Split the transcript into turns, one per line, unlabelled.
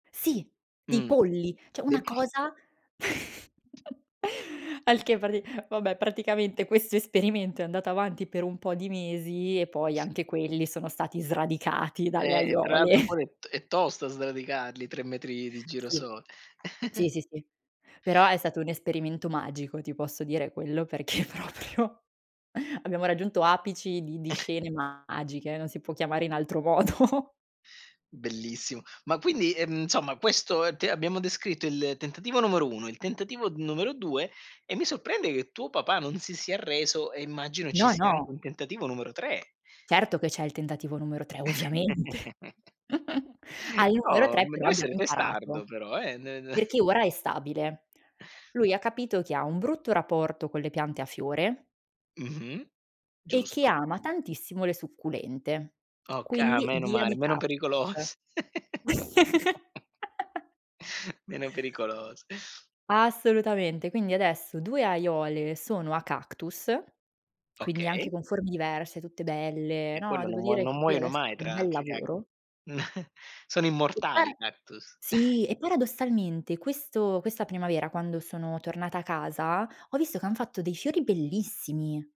Sì, di
Mh,
polli, cioè
de
una
[unintelligible]
cosa al che prati vabbè praticamente questo esperimento è andato avanti per un po' di mesi e poi anche quelli sono stati sradicati dalle
Eh, tra
aiuole.
l'altro quella è t è tosta sradicarli 3 metri di
Sì.
girasole.
Sì, sì sì. Però è stato un esperimento magico, ti posso dire quello, perché proprio abbiamo raggiunto apici di di scene magiche, non si può chiamare in altro modo.
Bellissimo. Ma quindi, ehm, insomma questo, ehm, t abbiamo descritto il tentativo numero 1, il tentativo numero 2, e mi sorprende che tuo papà non si sia arreso e immagino ci
No,
sia anche
no.
un tentativo numero 3.
Certo che c'è il tentativo numero 3, ovviamente. Al numero
Oh,
3
m
però
deve
abbiamo
essere
imparato.
testardo però eh, n n
Perché ora è stabile. Lui ha capito che ha un brutto rapporto con le piante a fiore
Mh-mh,
e che
giusto.
ama tantissimo le succulente,
Okay, ah
quindi
meno
via
male,
di
meno
cactus.
pericolos Meno pericolos
Assolutamente quindi adesso 2 aiuole sono a cactus, quindi anche
Okay.
con forme diverse, tutte belle
E
no,
quello non
devo
muo
dire
non
che qui
muoiono
adesso
mai
c'è un
tra
bel
l'altro i cac
lavoro.
sono
E
immortali
para
i cactus.
sì e paradossalmente questo questa primavera quando sono tornata a casa, ho visto che han fatto dei fiori bellissimi.